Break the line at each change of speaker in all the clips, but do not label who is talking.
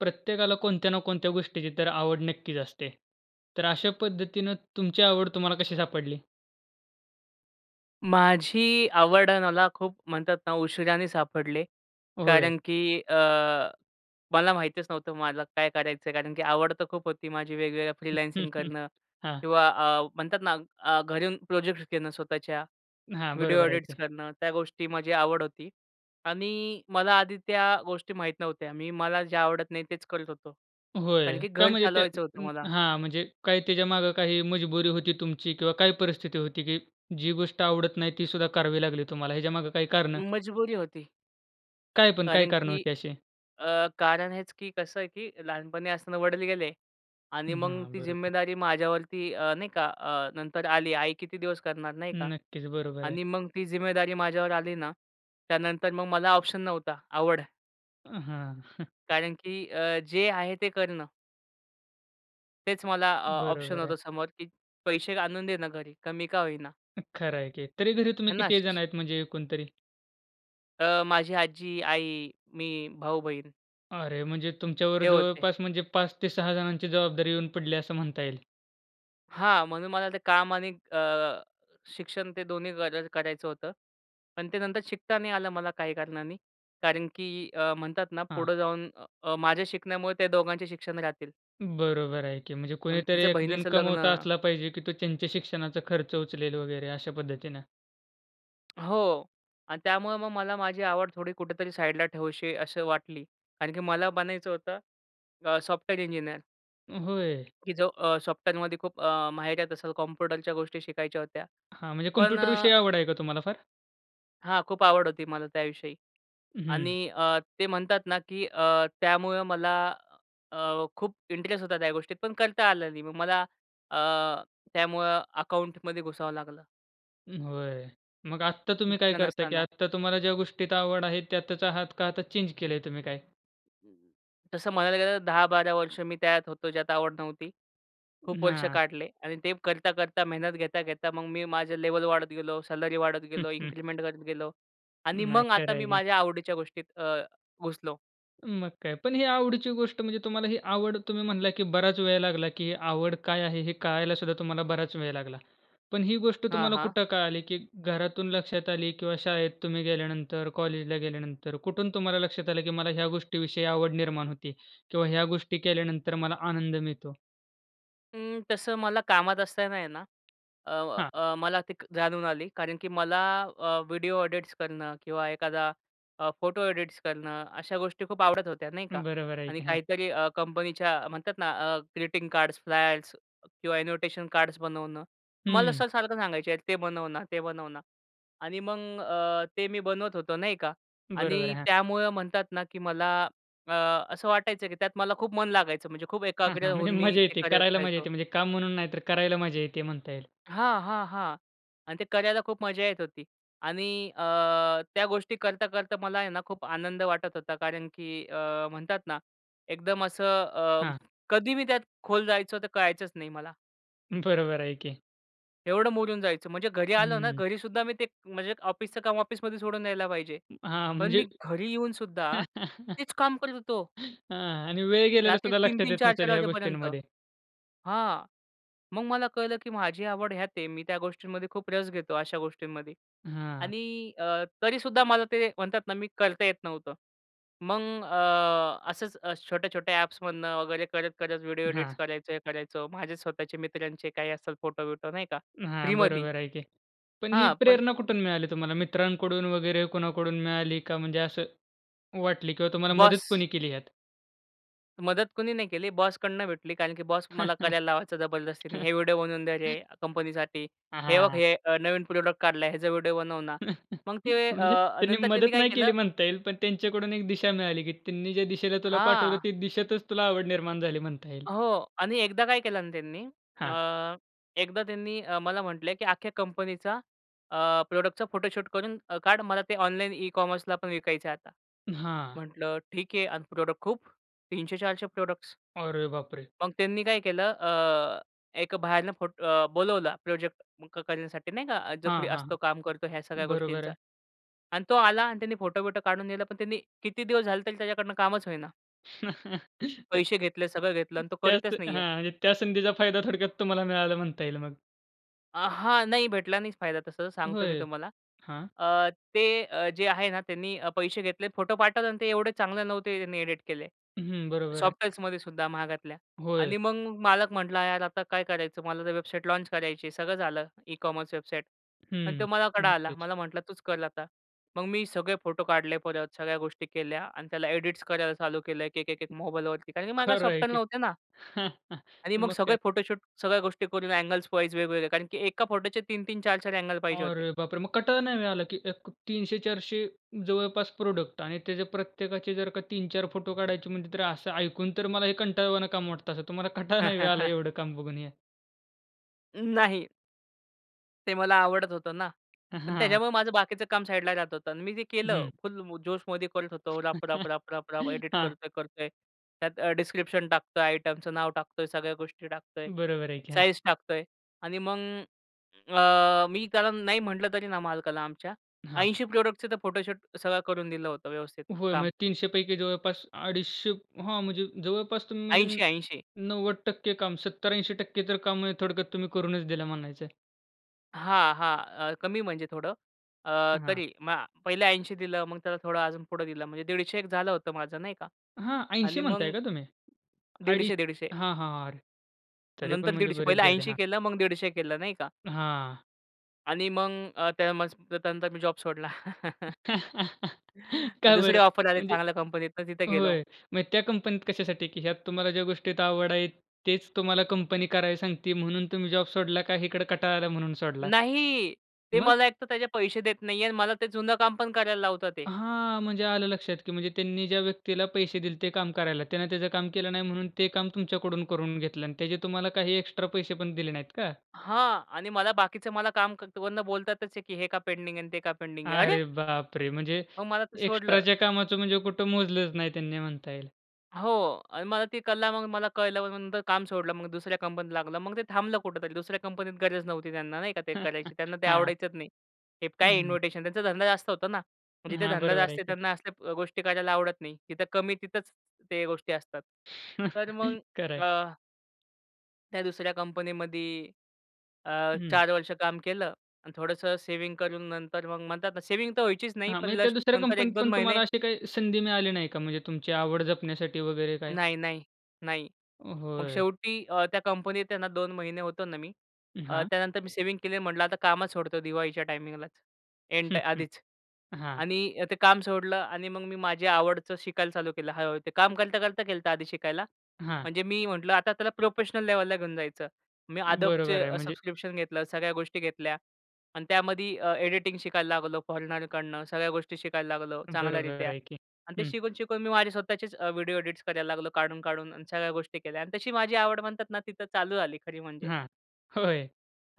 प्रत्येकाला कोणत्या ना कोणत्या गोष्टीची तर आवड नक्कीच असते. तर अशा पद्धतीनं तुमची आवड तुम्हाला कशी सापडली?
माझी आवड मला खूप म्हणतात ना उशीराने सापडले.
होय.
कारण की अ, मला माहीतच नव्हतं मला काय करायचं आहे? कारण की आवड तर खूप होती माझी वेगवेगळ्या फ्रीलान्सिंग करणं
हां.
किंवा अ, म्हणतात ना अ, घरून प्रोजेक्ट्स घेणं स्वतःच्या
हां,
व्हिडिओ
बरोबर आहे
ऑडिट्स
की.
करणं, त्या गोष्टी माझी आवड होती. आणि मला आधी त्या गोष्टी माहीत नव्हत्या. मी मला जे आवडत नाही तेच करत होतो, कारण
होय,
की
का
घर
म्हणजे ते
चालवायचं होतं मला.
हां म्हणजे काय त्याच्यामागे काही मजबुरी होती तुमची किंवा काय परिस्थिती होती की जी गोष्ट आवडत नाही, ती सुद्धा करावी लागली तुम्हाला ह्याच्यामागे काही कारणं?
मजबुरी होती.
काय पण, काय
कारण
कारणं
की
होती अशी?
अ, कारण हेच की कसं आहे की लहानपणी असताना वडील गेले आणि
हं,
मग
हां
ती
बरोबर.
जिम्मेदारी माझ्यावरती अ, नाही का अ, नंतर आली. आई किती दिवस करणार नाही का?
नक्कीच, बरोबर आहे.
आणि मग ती जिम्मेदारी माझ्यावर आली ना त्यानंतर मग मला ऑप्शन नव्हता आवड
अ, हां.
कारण की अ, जे आहे ते करणं. तेच मला अ, ऑप्शन
बरोबर आहे.
होतं समोर, की पैसे आणून देणं घरी, कमी का होईना.
खरं आहे की. तरी घरी तुम्ही
है ना.
किती जण आहेत म्हणजे, एकूण तरी?
अ, माझी आजी, आई, मी, भाऊ-बहीण
अरे म्हणजे तुमच्यावर
हे होते.
जवळपास म्हणजे 5-6 जणांची जबाबदारी येऊन पडली असं म्हणता येईल.
हां, म्हणून मला ते काम आणि अ, शिक्षण ते दोन्ही गर करायचं होतं. पण ते नंतर शिकता नाही आलं मला काही कारणांनी. कारण की अ, म्हणतात ना
हां.
पुढं जाऊन अ, माझ्या शिकण्यामुळे त्या दोघांचे शिक्षण राहतील.
बरोबर आहे की. म्हणजे
आणि
कोणीतरी
तिचं
एक जण
बहिणीचं लग्न.
कमवता असला पाहिजे, की तो त्यांच्या शिक्षणाचा खर्च उचलेल वगैरे अशा पद्धतीनं.
हो आणि त्यामुळं मग मला माझी आवड थोडी कुठेतरी साईडला ठेवूशी असं वाटली, कारण की मला बनायचं होतं अ, सॉफ्टवेअर इंजिनिअर.
अ, होय?
की जो अ, सॉफ्टवेअरमध्ये खूप अ, माहिरत असेल, कॉम्प्युटरच्या गोष्टी शिकायच्या होत्या.
हां, म्हणजे
पण
कॉम्प्युटर
अ
विषयी आवड आहे का तुम्हाला फार?
हां, खूप आवड होती मला त्याविषयी
अ,
आणि
हं.
अ, ते म्हणतात ना की अ, त्यामुळं मला अ, खूप इंटरेस्ट होता त्या गोष्टीत पण करता आलं नाही. मग मला अ, त्यामुळं अकाउंटमध्ये घुसावं लागलं.
हं, होय. मग आत्ता तुम्ही काय
इच्छा
करताय, की
नसताना.
आता तुम्हाला ज्या गोष्टीत आवड आहे त्यातचं आहात का, तर चेंज केलंय तुम्ही काय?
तसं म्हणायला गेलं तर 10-12 वर्ष मी त्यात होतो, ज्यात आवड नव्हती. खूप वर्ष
हां.
काढले आणि ते करता, करता, मेहनत घेता, घेता, मग मी माझं लेव्हल वाढत गेलो, सॅलरी वाढत
हं,
गेलो,
हं.
इन्क्रिमेंट करत गेलो आणि
नाही
मग आता
खरं
मी
आहे की.
माझ्या आवडीच्या गोष्टीत अ, घुसलो.
मग काय. पण ही आवडीची गोष्ट, म्हणजे तुम्हाला ही आवड तुम्ही म्हणला, की बराच वेळ लागला, की ही आवड काय आहे? हे कळायलासुद्धा तुम्हाला बराच वेळ लागला. पण ही गोष्ट
हां,
तुम्हाला
हां.
कुठं कळाली? की घरातून लक्षात आली किंवा शाळेत तुम्ही गेल्यानंतर, कॉलेजला गेल्यानंतर कुठून तुम्हाला लक्षात आलं? की मला ह्या गोष्टीविषयी आवड निर्माण होती किंवा ह्या गोष्टी केल्यानंतर मला आनंद मिळतो?
अं, तसं मला कामात असताना आहे ना अ, व
हां.
अ, मला ते जाणून आली. कारण की मला अ, व्हिडिओ एडिट्स करणं किंवा एखादा अ, फोटो एडिट्स करणं अशा गोष्टी खूप आवडत होत्या नाही का?
बरोबर आहे
आणि
की हां.
काहीतरी अ, कंपनीच्या म्हणतात ना अ, ग्रीटिंग कार्ड्स, फ्लॅग्स किंवा ॲनोटेशन कार्ड्स बनवणं. मला
हम्म.
सर, सारखं सांगायचे. ते बनव ना, ते बनव ना आणि मग अ, ते मी बनवत होतो नाही का?
बरोबर,
आणि
हां.
त्यामुळं म्हणतात ना, की मला अ, असं वाटायचं की त्यात मला खूप मन लागायचं म्हणजे खूप
हां,
एकाग्र
हां. म्हणजे
होऊन मी
मजा
ते
येते,
करत
करायला मजा
राहायचो.
येते. म्हणजे काम म्हणून नाही, तर करायला मजा येते म्हणता येईल.
हां, हां, हां. आणि ते करायला खूप मजा येत होती आणि अ, त्या गोष्टी करता करता मला आहे ना खूप आनंद वाटत होता. कारण की अ, म्हणतात ना एकदम असं अ,
हां.
कधी मी त्यात खोल जायचो, तर कळायचंच नाही मला.
बरोबर आहे की.
एवढं मुरून जायचं. म्हणजे घरी आलो ना
हं.
घरीसुद्धा मी ते म्हणजे ऑफिसच काम ऑफिसमध्ये सोडून यायला पाहिजे.
हां.
पण मी
म्हणजे
घरी येऊन सुद्धा तेच काम करत होतो.
हां. आणि वेळ गेलेलं
रात्री
सुद्धा
तीन
लक्षात
तीन
येत
चार
नसेल
चार
ह्या
वाजेपर्यंत.
गोष्टींमध्ये.
हां. मग मला कळलं की माझी आवड हयात आहे मी त्या गोष्टींमध्ये खूप रस घेतो अशा गोष्टींमध्ये.
हां.
आणि अ, तरीसुद्धा मला ते म्हणतात ना मी करता येत नव्हतं. मग अ, असंच छोट्या छोट्या ॲप्समधनं वगैरे करत-करत व्हिडिओ एडिट्स
हां.
करायचं हे करायचं माझे स्वतःचे मित्रांचे काही असेल फोटो-बिटो नाही का.
हां,
फ्रीमध्ये.
बरोबर आहे की. पण ही
हां. पण
प्रेरणा कुठून मिळाली तुम्हाला मित्रांकडून वगैरे कोणाकडून मिळाली का म्हणजे असं वाटली किंवा तुम्हाला मदत
बॉस.
कोणी केली ह्यात?
मदत कुणी नाही केली बॉसकडून भेटली कारण की बॉस मला करायला लावायचा जबरदस्तीने, हे व्हिडिओ बनवून दे रे कंपनीसाठी,
हां,
हे बघ
हां.
हे अ, नवीन प्रॉडक्ट काढलाय ह्याचा व्हिडिओ बनव ना. मग ते
म्हणजे
अ,
त्यांनी
नंतर त्यांनी
मदत
काय
नाही केली
केलं.
म्हणता येईल पण त्यांच्याकडून एक दिशा मिळाली की त्यांनी ज्या दिशेला तुला पाठवलं
हां.
त्या दिशेतच तुला आवड निर्माण झाली म्हणता येईल.
हो. आणि एकदा काय केलं ना त्यांनी,
हां.
अ, एकदा त्यांनी अ, मला म्हटलंय, की अख्ख्या कंपनीचा अ, प्रॉडक्टचा फोटोशूट करून अ, काढ मला ते ऑनलाईन ई कॉमर्सला पण विकायचं आहे आता.
अ, हां.
म्हटलं ठीक आहे आणि प्रोडक्ट खूप, 300, 400 प्रॉडक्ट्स.
अरे बापरे!
मग त्यांनी काय केलं अ, एक बाहेरून फोट अ, बोलावला प्रोजेक्ट करण्यासाठी नाही का जो
हां,
फ्री
हां.
असतो, काम करतो ह्या सगळ्या
बरोबर
गोष्टींचा.
आहे.
आणि तो आला आणि त्याने फोटो-बिटो काढून न्यायला पण त्याने किती दिवस झाले तरी त्याच्याकडनं कामच होईना.
त्य
पैसे घेतले, सगळं घेतलं अन् तो
त्या स
करतच
अ,
नाहीये.
हां. म्हणजे त्या संधीचा फायदा थोडक्यात तुम्हाला मिळाला म्हणता येईल मग?
अ, हां, नाही भेटला नाहीच फायदा तसं, सांगतो मी
होय.
तुम्हाला.
हां?
अ, ते अ, जे आहे ना त्यांनी, अ, पैसे घेतले फोटो पाठवला आणि ते एवढे चांगले नव्हते त्यांनी एडिट केले.
हं, बरोबर आहे.
सॉफ्टवेअरमध्येसुद्धा महागातल्या.
होय.
आणि मग मालक म्हटला, "यार, आता काय करायचं? मला तर वेबसाईट लॉन्च करायचीय .सगळं झालं. E-commerce website." अन् तो
हं.
माझ्याकडं आला.
नक्कीच
मला म्हटला तूच कर आता. मग मी सगळे फोटो काढले परत, सगळ्या गोष्टी केल्या अन् त्याला एडिट करायला चालू केलं एक-एक, एक-एक मोबाईलवरती. कारण की माझ्याकडं
खरं आहे
सॉफ्टवेअर
की.
नव्हते ना. आणि मग
मग काय.
सगळे फोटोशूट, सगळ्या गोष्टी करून अँगल-वाइज वेगवेगळे, कारण की एका फोटोचे 3-3 4-4 अँगल पाहिजे होते.
अरे बापरे! मग कंटाळा नाही होय आलं की एक 300-400 जवळपास प्रॉडक्ट आणि त्याचे प्रत्येकाचे जर का 3-4 फोटो काढायचे म्हणजे तरी असं ऐकून तर मला हे कंटाळवाणं काम वाटतं असं. तुम्हाला कंटाळा नाही होय आला एवढं काम बघून हे?
नाही. ते मला आवडत होतं ना.
हां,
पण
हां.
त्याच्यामुळे माझं बाकीचं काम साईडला राहत होतं अन् मी जे केलं,
हं.
फुल जोशमध्ये करत होतो राप, राप, राप, राप, राप! एडिट
हां.
करतोय, करतोय, त्यात अ, डिस्क्रिप्शन टाकतोय, आयटमचं नाव टाकतोय, सगळ्या गोष्टी टाकतोय,
बरोबर आहे की. हां.
साइज टाकतोय आणि मग, अ, मी कारण नाही म्हटलं तरी ना मालकाला आमच्या,
हां.
80 प्रोडक्टचे तर फोटोशूट सगळं करून दिलं होतं व्यवस्थित
होय.
काम.
म्हणजे 300 पैकी जवळपास अडीचशे हां, म्हणजे जवळपास तुम्ही म्हणजे न
80, 80
90% काम, 70-80% तर काम म्हणजे थोडक्यात तुम्ही करूनच दिलं म्हणायचं आहे.
हां, हां. अ, कमी म्हणजे थोडं. अ,
हं, हां.
तरी म पहिले 80 दिलं, मग त्याला थोडं अजून पुढं दिलं. म्हणजे 150 एक झालं होतं माझं नाही का.
हां. 80
आणि
म्हणताय
मग
का तुम्ही? अडीच,
150, 150
हां, हां, अरे! तरी पण
नंतर
म्हणजे
150
बरेच
पहिलं
झाले.
80
हां.
केलं, मग 150 केलं, नाही का.
हां.
आणि मग अ, त्या म [unintelligible] त्यानंतर मी जॉब सोडला.
का बरं?
दुसरी ऑफर आली
म्हणजे,
चांगल्या कंपनीतून तिथं गेलो.
होय मग त्या कंपनीत कशासाठी, की ह्यात तुम्हाला ज्या गोष्टीत आवड आहे, तेच तुम्हाला कंपनी करायला सांगती म्हणून तुम्ही जॉब सोडला का इकडे कंटाळा आला म्हणून सोडला?
नाही, ते
मग?
मला एक तर त्याचे पैसे देत नाहीहेत. मला ते जुनं काम पण करायला लावताहेत.
हां, म्हणजे आलं लक्षात की म्हणजे त्यांनी ज्या व्यक्तीला पैसे दिले होते काम करायला, त्याने त्याचं काम केलं नाही म्हणून ते काम तुमच्याकडून करून घेतलं, अन त्याचे तुम्हाला काही एक्स्ट्रा पैसे पण दिले नाहीत का?
हां. आणि मला बाकीचं मला काम करताना पण बोलतातच आहे की हे का पेंडिंग आहे आणि ते का पेंडिंग आहे. अरे!
अरे बाप रे! म्हणजे
मग मला ते सोडलं.
एक्स्ट्राच्या कामाचं म्हणजे कुठं मोजलंच नाही त्यांनी म्हणता येईल.
हो. आणि मला ती कला, मग मला कळलं मग नंतर काम सोडलं. मग दुसऱ्या कंपनीत लागलो. मग ते थांबलं कुठेतरी. दुसऱ्या कंपनीत गरजच नव्हती त्यांना नाही का, ते करायची. त्यांना ते
हां.
आवडायचंच नाही. हे
हं,
काय
हं.
इन्विटेशन, त्यांचा धंदा जास्त होता ना. जिथे
हां,
धंदा
बरोबर आहे
जास्त
की.
त्यांना असल्या गोष्टी करायला आवडत नाही तिथं कमी तिथंच ते गोष्टी असतात. तर मग
खरंय.
अ त्या दुसऱ्या कंपनीमध्ये अ,
हं.
4 वर्ष काम केलं आणि थोडंसं सेव्हिंग करून नंतर मग म्हणतात ना, सेव्हिंग तर व्हायचीच नाही.
हां
पण
म्हणजे त्या
जस्ट
दुसऱ्या
नंतर
कंपनीत
1-2
पण
महिने
तुम्हाला अशी काही संधी मिळाली नाही का? म्हणजे तुमची आवड जपण्यासाठी वगैरे काय?
नाही, नाही. नाही. मग
होय.
शेवटी अ, त्या कंपनीत आहे ना 2 महिने होतो ना मी. अ,
हां.
त्यानंतर मी सेव्हिंग केली. म्हटलं आता कामच सोडतो दिवाळीच्या टाईमिंगलाच. एन्ट आधीच
हां.
आणि अ, ते काम सोडलं आणि मग मी माझ्या आवडचं शिकायला चालू केलं. हळू-हळू ते काम करता-करता केलंत आधी शिकायला.
हां.
म्हणजे मी म्हटलं, आता त्याला प्रोफेशनल लेवलला घेऊन जायचं. मी
बरोबर आहे
Adobeचे
म्हणजे
सबस्क्रिप्शन घेतलं. सगळ्या गोष्टी घेतल्या आणि त्यामध्ये अ, एडिटिंग शिकायला लागलो फॉरेनरकडनं. सगळ्या गोष्टी शिकायला लागलो
बरोबर
चांगल्यारीत्या
आहे की.
आणि ते
हं.
शिकून, शिकून मी माझे स्वतःचेच अ, व्हिडिओ एडिट्स करायला लागलो काढून-काढून आणि सगळ्या गोष्टी केल्या. आणि तशी माझी आवड म्हणतात ना तिथं चालू झाली खरी म्हणजे.
हां, होय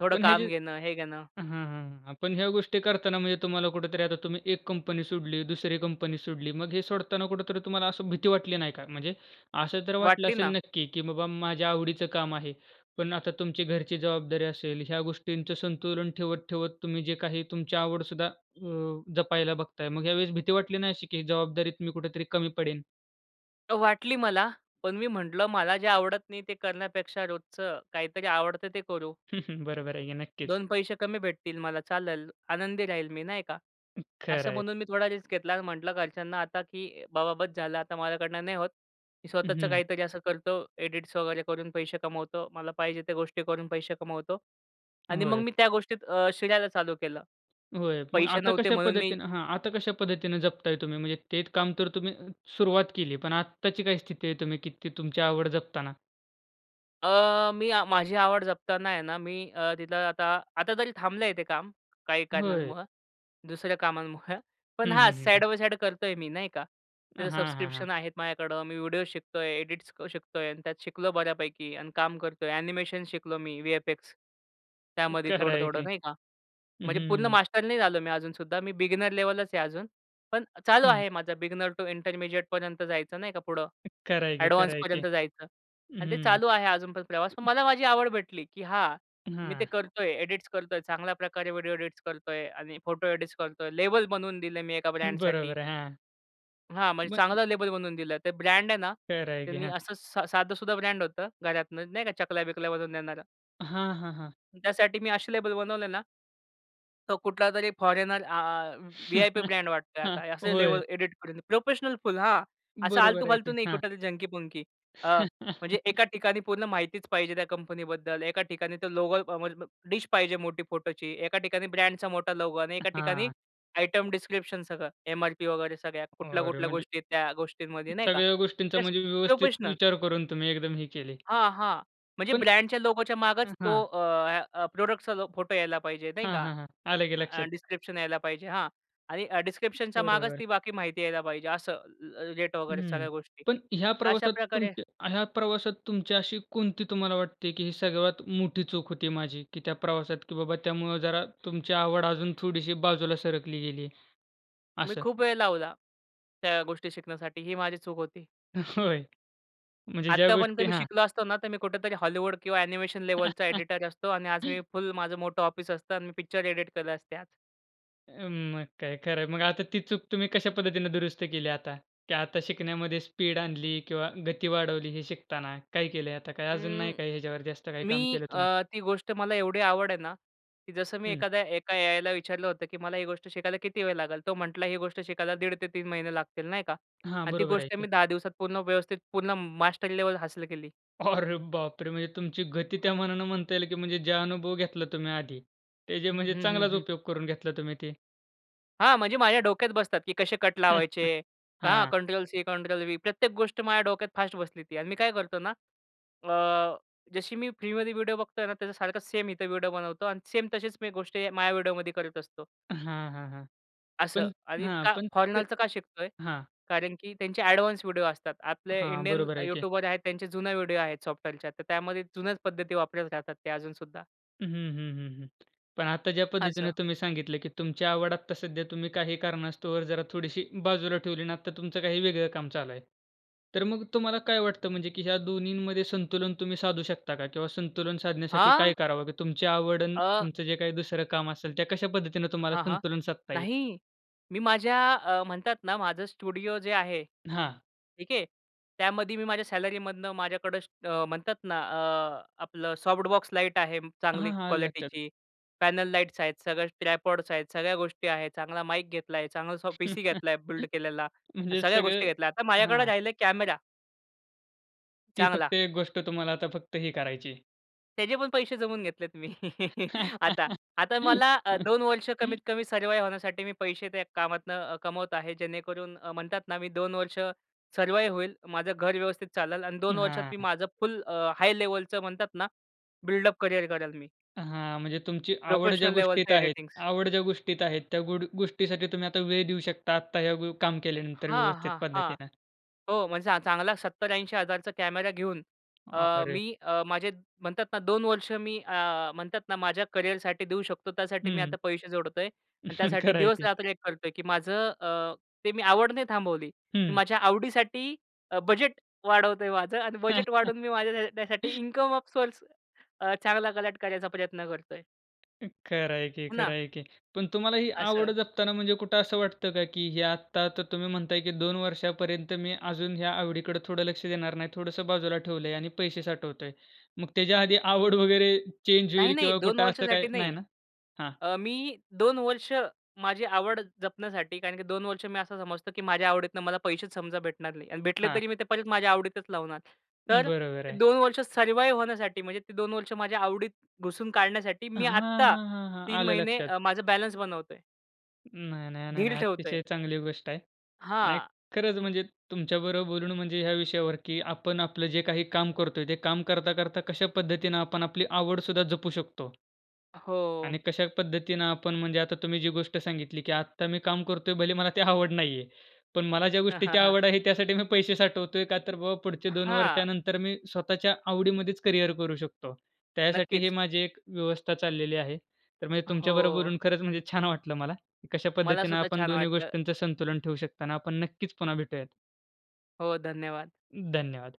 थोडं
पण हे जे
काम घेणं, हे घेणं.
हां, हां, पण ह्या गोष्टी करताना म्हणजे तुम्हाला कुठेतरी आता तुम्ही एक कंपनी सोडली. दुसरी कंपनी सोडली. मग हे सोडताना कुठेतरी तुम्हाला असं भीती वाटली नाही का? म्हणजे असं तर वाटलं
वाटली
असेल
ना.
नक्की की बाबा माझ्या आवडीचं काम आहे. पण आता तुमची घरची जबाबदारी असेल. ह्या गोष्टींचं संतुलन ठेवत, ठेवत तुम्ही जे काही तुमची आवड सुद्धा अ, जपायला बघताय. मग यावेळेस भीती वाटली नाही अशी, की जबाबदारीत मी कुठेतरी कमी पडेन?
वाटली मला, पण मी म्हंटलं मला जे आवडत नाही ते करण्यापेक्षा रोजचं काहीतरी आवडतं ते करू.
हं, हं, बरोबर आहे की नक्कीच.
2 पैसे कमी भेटतील मला, चालेल. आनंदी राहील मी नाही का.
खरं
असं
आहे.
म्हणून मी थोडा रिस्क घेतला आणि म्हटलं घरच्यांना आता, की बाबा बस झालं. आता माझ्याकडनं नाही होत. मी
उं,
स्वतःचं
हं.
काहीतरी असं करतो. एडिट्स वगैरे करून पैसे कमवतो. मला पाहिजे त्या गोष्टी करून पैसे कमवतो आणि मग
होय.
मी त्या गोष्टीत शिरायला चालू केलं.
होय, मग
पैसे
आता
नव्हते
कशा
म्हणून मी
पद्धतीने हां आता कशा पद्धतीनं जपताय तुम्ही? म्हणजे ते काम तर तुम्ही सुरुवात केली पण आत्ताची काय स्थिती आहे तुम्ही की ती तुमची आवड जपताना?
अ, मी अ, माझी आवड जपताना आहे ना मी तिथं आता, आता तरी थांबलं आहे ते काम काही
होय.
कारणांमुळं. दुसऱ्या कामांमुळं
हं,
पण हा
हं, हं, हं.
साइड बाय साइड करतोय मी नाही का.
अ,
त्याचं
हां, हां, हां.
सबस्क्रिप्शन आहेत माझ्याकडं. मी व्हिडिओज शिकतोय, एडिट्स शिकतोय आणि त्यात शिकलो बऱ्यापैकी आणि काम करतोय. एनिमेशन शिकलो मी, VFX त्यामध्ये
खरं
थोडं
आहे
थोडं
की.
नाही का.
हं,
म्हणजे पूर्ण
हं.
मास्टर नाही झालो मी अजूनसुद्धा. मी बिगिनर लेवलच आहे अजून. पण चालू
हं.
आहे माझं बिगिनर टू इंटरमीडिएटपर्यंत जायचं नाही का पुढं
खरं आहे की खरं आहे की.
एडव्हान्सपर्यंत जायचं आणि ते
हं.
चालू आहे अजून पण प्रवास. पण मला माझी आवड भेटली की हा मी ते
हां.
करतोय. एडिट्स करतोय, चांगल्या प्रकारे व्हिडिओ एडिट्स करतोय आणि फोटो एडिट्स करतोय. लेबल बनवून दिलं मी 1 ब्रँडसाठी.
बरोबर आहे हां.
हां. म्हणजे
[unintelligible]
चांगलं लेबल बनवून दिलं ते ब्रँड आहे ना?
खरंय की.
त्यांनी
हां.
असं स साधंसुद्धा ब्रँड होतं घरातनं, नाही का चकल्या-बिकल्या बनवून देणारं
हां, हां, हां.
त्यासाठी मी असे लेबल बनवले ना तो कुठलातरी फॉरेनर आ व्ही-आय-पी ब्रँड वाटतोय आहे
हां.
आता. असे
होय.
लेवल एडिट करून प्रोफेशनल फुल, हां. असं
बरोबर आहे
आलतू-फालतू
की.
नाही
हां.
कुठं तरी झंकी-पुंकी अ, म्हणजे एका ठिकाणी पूर्ण माहितीच पाहिजे त्या कंपनीबद्दल. एका ठिकाणी तो लोगो [unintelligible] अ, डिश पाहिजे मोठी फोटोची. एका ठिकाणी ब्रँडचा मोठा लोगो आणि एका ठिकाणी
हां.
आयटम डिस्क्रिप्शन सगळं, एम-आर-पी वगैरे सगळ्या.
अरे
कुठल्या-कुठल्या
म्हणजे
गोष्टी आहेत त्या गोष्टींमध्ये, नाही का.
सगळ्या
ते
गोष्टींचा
प्रेस
म्हणजे व्यवस्थित
प्रोफेशनल.
विचार करून तुम्ही एकदम हे केले.
हां. हां. म्हणजे
पण
ब्रँडच्या लोगोच्या मागच
अ,
तो
हां.
अ, अ, प्रॉडक्टचा फोटो यायला पाहिजे, नाही
हां,
का?
हां, हां. आलं की
अ,
लक्षात.
डिस्क्रिप्शन यायला पाहिजे. हां. आणि डिस्क्रिप्शनच्या मागच
बरोबर.
ती बाकी माहिती यायला पाहिजे असं. अ, रेट वगैरे
हं.
सगळ्या गोष्टी
पण ह्या प्रवासात
अशाप्रकारे
तुमच्या ह्या प्रवासात तुमची अशी कोणती तुम्हाला वाटते, की ही सर्वात मोठी चूक होती माझी की त्या प्रवासात की बाबा त्यामुळं जरा तुमची आवड अजून थोडीशी बाजूला सरकली गेली?
मी
असं.
खूप वेळ लावला, त्या गोष्टी शिकण्यासाठी ही माझी चूक होती.
होय. म्हणजे ज्या
आत्तापर्यंत
गोष्टी
मी
हां.
शिकलो असतो ना तर मी कुठेतरी हॉलीवूड किंवा ॲनिमेशन लेवलचा एडिटर असतो आणि आज मी फुल माझं मोठं ऑफिस असतं आणि मी पिक्चर एडिट केलं असते आज.
अ, मग काय, खरं आहे. मग आता ती चूक तुम्ही कशा पद्धतीनं दुरुस्त केली आता? की आता शिकण्यामध्ये स्पीड आणली किंवा गती वाढवली हे शिकताना? काय केलंय? आता काय अजून नाही
अं,
काय याच्यावरती जास्त काही
मी
काम केलं तुम्ही?
अ, ती गोष्ट मला एवढी आवड आहे ना, की जसं मी
हं.
एखाद्या एका एआयला विचारलं होतं, की मला ही गोष्ट शिकायला किती वेळ लागेल? तो म्हटला ही गोष्ट शिकायला 1.5 ते 3 महिने लागतील, नाही का?
हां,
आणि ती
बरोबर आहे
गोष्ट
की.
मी 10 दिवसात पूर्ण व्यवस्थित पूर्ण मास्टर लेवल हासिल केली.
अरे बापरे! म्हणजे तुमची गती त्या मानानं म्हणता येईल की म्हणजे जे अनुभव घेतला तुम्ही आधी, ते जे
हं,
म्हणजे
हं,
चांगलाच
हं.
उपयोग करून घेतला तुम्ही ते.
हां. म्हणजे माझ्या डोक्यात बसतात की कसे कट लावायचे, हां
हां.
Control C, control V. प्रत्येक गोष्ट माझ्या डोक्यात फास्ट बसली ती. आणि मी काय करतो ना? अ, जशी मी फ्रीमध्ये व्हिडिओ बघतोय ना त्याचा सारखंच सेम इथं व्हिडिओ बनवतो आणि सेम तशीच मी गोष्टी हे माझ्या व्हिडिओमध्ये करत असतो
हां, हां, हां.
असं.
पण
आणि
हां.
का
पण ते
फॉरेनरचं का शिकतोय?
हां.
कारण की त्यांचे ॲडवान्स व्हिडिओ असतात. आपले
हां,
इंडियन
बरोबर
अ,
आहे की.
युट्यूबर आहेत त्यांचे जुने व्हिडिओ आहेत सॉफ्टवेअरच्या. तर त्यामध्ये जुन्याच पद्धती वापरत राहतात ते अजून सुद्धा.
हं, हं, हं, हं. पण आता ज्या
असं.
पद्धतीनं तुम्ही सांगितलं, की तुमची आवड आत्ता सध्या तुम्ही काही कारणास्तव जरा थोडीशी बाजूला ठेवली, ना आता तुमचं काही वेगळं काम चालू आहे. तर मग तुम्हाला काय वाटतं? म्हणजे की या दोन्हींमध्ये संतुलन तुम्ही साधू शकता का? किंवा संतुलन साधण्यासाठी
हां!
काय करावं? की तुमची आवड अन्
अ,
तुमचं जे काही दुसरं काम असेल, त्या कशा पद्धतीनं तुम्हाला
हां, हां.
संतुलन साधता येईल?
नाही. मी माझ्या अ, म्हणतात ना माझं स्टुडिओ जे आहे,
हां.
ठीक आहे, त्यामध्ये मी माझ्या सॅलरीमधनं माझ्याकडं म्हणतात ना अ, आपलं सॉफ्ट बॉक्स लाईट आहे
हां,
चांगली
हां, आलं लक्षात.
क्वालिटीची, पॅनल लाइट्स आहेत सगळ्या, ट्रायपॉड्स आहेत, सगळ्या गोष्टी आहे, चांगला माईक घेतला आहे, चांगला सॉ पीसी घेतला आहे, बिल्ड केलेला आणि
म्हणजे
सगळ्या
सगळं
गोष्टी घेतल्या. आता माझ्याकडं
हां.
राहीलं आहे कॅमेरा.
ती
चांगला.
फक्त एक गोष्ट तुम्हाला आता फक्त ही करायची.
त्याचे पण पैसे जमवून घेतलेत मी आता. आता मला अ, 2 वर्ष कमीत कमी सर्वाइव होण्यासाठी मी पैसे त्या कामातनं अ, कमवत आहे. जेणेकरून अ, म्हणतात ना, मी 2 वर्ष सर्वाइव होईल. माझं घर व्यवस्थित चालेल आणि 2 वर्षात मी
हां.
माझं फुल अ, हाय लेव्हलचं म्हणतात ना, बिल्डअप करिअर करेन मी.
हां. म्हणजे तुमची आवड ज्या
प्रोफेशनल लेवलच
गोष्टीत आहेत
एडिटिंग्स.
आवड ज्या गोष्टीत आहेत, त्या गुड गोष्टीसाठी तुम्ही आता वेळ देऊ शकता. आता ह्या व काम केल्यानंतर
हां,
व्यवस्थित
हां, हां.
पद्धतीनं.
हो, म्हणजे चां चांगला ₹70,000-80,000 चा कॅमेरा घेऊन अ,
अरे!
मी अ, माझे म्हणतात ना, 2 वर्ष मी अ, म्हणतात ना माझ्या करिअरसाठी देऊ शकतो. त्यासाठी मी
हं.
आता पैसे जोडतोय. आणि त्यासाठी
खरं आहे ते.
दिवसरात्र एक करतोय, की माझं अ, ते मी आवड नाही थांबवली. मी
हं.
माझ्या आवडीसाठी अ, बजेट वाढवतोय माझं आणि बजेट वाढवून मी माझ्या त्या त्यासाठी ऑफ सोर्स अ, चांगला कलेक्ट करायचा प्रयत्न करतोय.
खरं आहे की
हो
खरं
ना.
आहे की. पण तुम्हाला ही
असं.
आवड जपताना म्हणजे कुठं असं वाटतं का, की हे आत्ता तर तुम्ही म्हणताय, की 2 वर्षापर्यंत मी अजून या आवडीकडं थोडं लक्ष देणार नाही. थोडंसं बाजूला ठेवलंय आणि पैसे साठवतोय. मग त्याच्या आधी आवड वगैरे चेंज
नाही,
होईल
नाही.
किंवा
2
कुठं असं काही
वर्षासाठी
नाही
नाही.
ना? हां.
अ, मी 2 वर्ष, माझी आवड जपण्यासाठी. कारण की 2 वर्ष मी असं समजतो, की माझ्या आवडीतनं मला पैसेच समजा भेटणार नाही. आणि भेटले
हां.
तरी मी ते परत माझ्या आवडीतच लावणार.
हं,
तर
बरोबर
ते
आहे.
2 वर्ष सर्वाइव होण्यासाठी. म्हणजे ते 2 वर्ष माझ्या आवडीत घुसून काढण्यासाठी, मी
हां,
आत्ता
हां, हां, हां.
3
आलं
महिने
लक्षात.
अ, माझं बॅलन्स बनवतोय.
नाही, नाही, नाही,
ढील
नाही.
ठेवतोय.
अतिशय चांगली गोष्ट आहे. नाही
हां,
खरंच
म
म्हणजे तुमच्याबरोबर बोलून म्हणजे ह्या विषयावर, की आपण आपलं जे काही काम करतोय. ते काम करता-करता कशा पद्धतीनं आपण आपली आवडसुद्धा जपू शकतो.
हो.
आणि कशा पद्धतीनं आपण म्हणजे आता तुम्ही जी गोष्ट सांगितली, की आता मी काम करतोय, भले मला ते आवड नाही आहे. पण मला ज्या गोष्टीची आवड आहे त्यासाठी मी पैसे साठवतोय, का तर बा पुढच्या 2
हां.
वर्षानंतर मी स्वतःच्या आवडीमध्येच करिअर करू शकतो. त्यासाठी हे
नक्कीच.
माझी एक व्यवस्था चाललेली आहे. तर म्हणजे तुमच्याबरोबर
हो.
खरंच म्हणजे छान वाटलं मला, कशा
मला
पद्धतीनं
सुद्धा
आपण
छान
दोन्ही
वाटलं.
गोष्टींचं संतुलन ठेवू शकता ना! आपण नक्कीच पुन्हा भेटूयात.
हो, धन्यवाद.
धन्यवाद.